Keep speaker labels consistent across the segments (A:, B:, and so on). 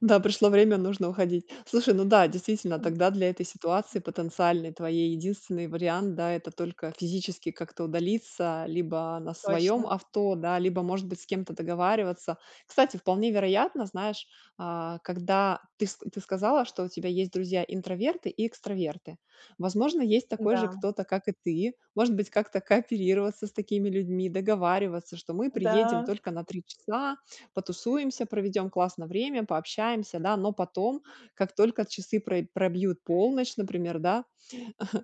A: Да, пришло время, нужно уходить. Слушай, ну да, действительно,
B: Мгм.
A: тогда для этой ситуации
B: М.
A: потенциальной твоей единственный вариант, да, это только физически как-то удалиться либо на своём
B: Точно.
A: авто, да, либо может быть с кем-то договариваться. Кстати, вполне вероятно, знаешь, а, когда ты с ты сказала, что у тебя есть друзья интроверты и экстраверты, возможно, есть такой же
B: М-да.
A: кто-то, как и ты, может быть как-то кооперироваться с такими людьми, договариваться, что мы приедем
B: Да.
A: только на 3 часа, потусуемся, проведём классно время, пообщаемся, да, но потом, как только часы про пробьют полночь, например, да,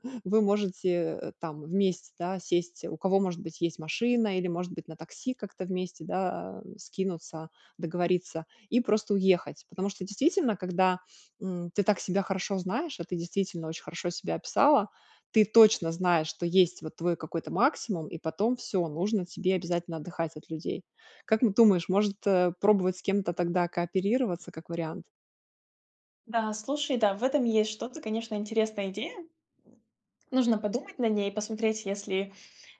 A: вы можете, э, там, вместе, да, сесть, у кого может быть есть машина или может быть на такси как-то вместе да, скинуться, договориться и просто уехать. Потому что действительно, когда, м, ты так себя хорошо знаешь, а ты действительно очень хорошо себя описала, ты точно знаешь, что есть, вот, твой какой-то максимум и потом всё, нужно тебе обязательно отдыхать от людей. Как н ты думаешь, может, э, пробовать с кем-то тогда кооперироваться, как вариант?
B: Да, слушай, да, в этом есть что-то, конечно, интересная идея. Нужно подумать над ней, посмотреть, если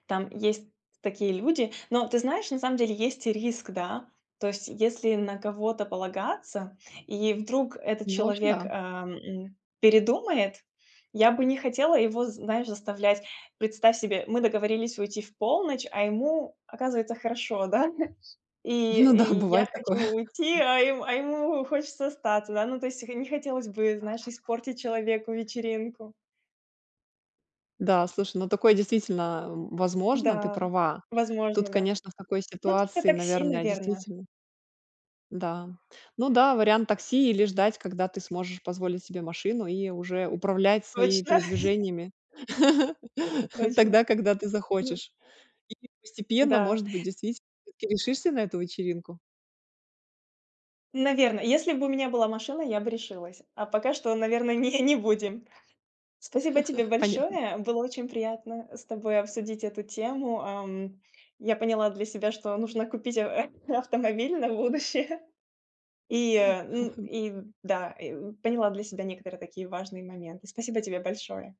B: там есть такие люди. Но, ты знаешь, на самом деле есть риск, да. То есть, если на кого-то полагаться, и вдруг этот
A: Ну, в общем,
B: человек, э,
A: да.
B: м, передумает, я бы не хотела его, знаешь, заставлять. Представь себе, мы договорились уйти в полночь, а ему, оказывается, хорошо, да? Ш
A: Ну да,
B: и, и я
A: бывает такое.
B: хочу уйти, а ем а ему хочется остаться, да. Ну то есть х не хотелось бы, знаешь, испортить человеку вечеринку.
A: Да, слушай, ну, такое действительно, а, возможно, ты
B: М-да,
A: права. Тут
B: возможно, да.
A: конечно в такой
B: Ну, всё-таки,
A: ситуации,
B: такси,
A: наверное,
B: наверно.
A: действительно Да. Ну да, вариант такси или ждать, когда ты сможешь позволить себе машину и уже управлять своими
B: Точно.
A: передвижениями
B: Точно,
A: тогда, когда ты
B: ну
A: захочешь. И постепенно,
B: Да.
A: может быть, действительно ты решишься на эту вечеринку.
B: Наверно, если бы у меня была машина, я бы решилась, а пока что, наверное, не не будем. Спасибо тебе
A: Понятно.
B: большое, было очень приятно, э, с тобой обсудить эту тему, ам. Я поняла для себя, что нужно купить ав э, автомобиль на будущее и, э, н и, да, э, поняла для себя некоторые такие важные моменты. Спасибо тебе большое!